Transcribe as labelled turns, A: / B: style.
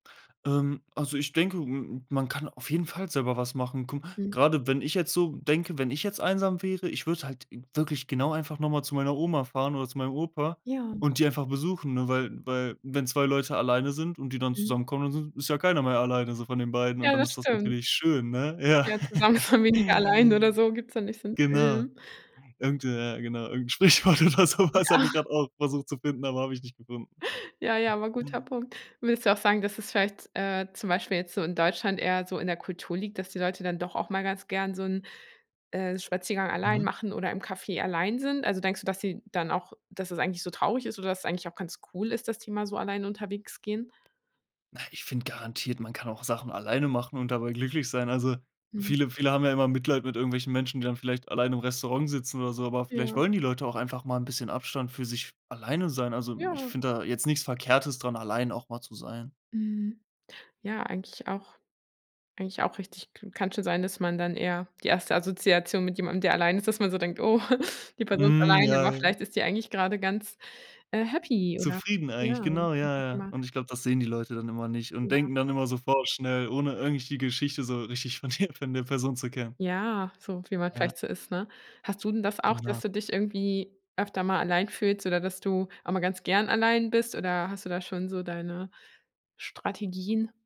A: Ähm, also ich denke, m m man kann auf jeden Fall selber was machen. Kom
B: Mhm.
A: grade wenn ich jetzt so denke: „Wenn ich jetzt einsam wäre, ich würde halt im wirklich genau einfach noch mal zu meiner Oma fahren oder zu meinem Opa
B: Ja.
A: und die einfach besuchen", ne? Weil weil wenn 2 Leute alleine sind und die dann
B: Mhm.
A: zusammenkommen, dann s ist ja keiner mehr alleine so von den beiden, und
B: Ja,
A: dann
B: das
A: ist das
B: stimmt.
A: natürlich schön, ne? Ja.
B: Ja, „Zusammen ist man weniger alleine” oder so, gibt's da nicht so 'n
A: Genau.
B: Film?
A: Irgend ja, genau, irgend 'n Sprichwort oder so was, habe ich
B: Ja.
A: grad auch versucht zu finden aber hab ich nicht gefunden.
B: Ja, ja aber guter Punkt. Würdest du auch sagen, dass es vielleicht, äh, zum Beispiel jetzt so in Deutschland eher so in der Kultur liegt, dass die Leute dann doch auch mal ganz gern so 'n, äh, Spaziergang allein
A: Mhm.
B: machen oder im Café allein sind? Also, denkst du, dass sie dann auch dass es eigentlich so traurig ist oder dass es eigentlich auch ganz cool ist, dass die mal so alleine unterwegs gehen?
A: Na, ich finde garantiert, man kann auch Sachen alleine machen und dabei glücklich sein. Also
B: Mhm.
A: viele viele haben ja immer Mitleid mit irgendwelchen Menschen, die dann vielleicht alleine im Restaurant sitzen oder so, aber vielleicht
B: Ja.
A: wollen die Leute auch einfach mal 'n bisschen Abstand für sich f alleine sein. Also, ich
B: Ja.
A: finde da jetzt nichts Verkehrtes dran, allein auch mal zu sein.
B: Mhm, ja eigentlich auch eigentlich auch richtig k kann schon sein, dass man dann eher die erste Assoziation mit jemandem, der allein ist, dass man so denkt: „Oh, die Person ist
A: Mhm.
B: alleine”,
A: Ja,
B: aber
A: ja.
B: vielleicht ist sie eigentlich gerade ganz, äh, happy, oder?
A: Zufrieden eigentlich,
B: Ja.
A: genau, ja, ja.
B: [unintelligible]
A: Und ich glaube, das sehen die Leute dann immer nicht und
B: Ja.
A: denken dann immer so vorschnell, ohne eigentlich die Geschichte so richtig von der von der Person zu kennen.
B: Ja, so wie man
A: Ja.
B: vielleicht so ist, ne? Hast du denn das auch, dass
A: Genau.
B: du dich irgendwie öfter mal allein fühlst oder dass du auch mal ganz gern allein bist, oder hast du da schon so deine Strategien?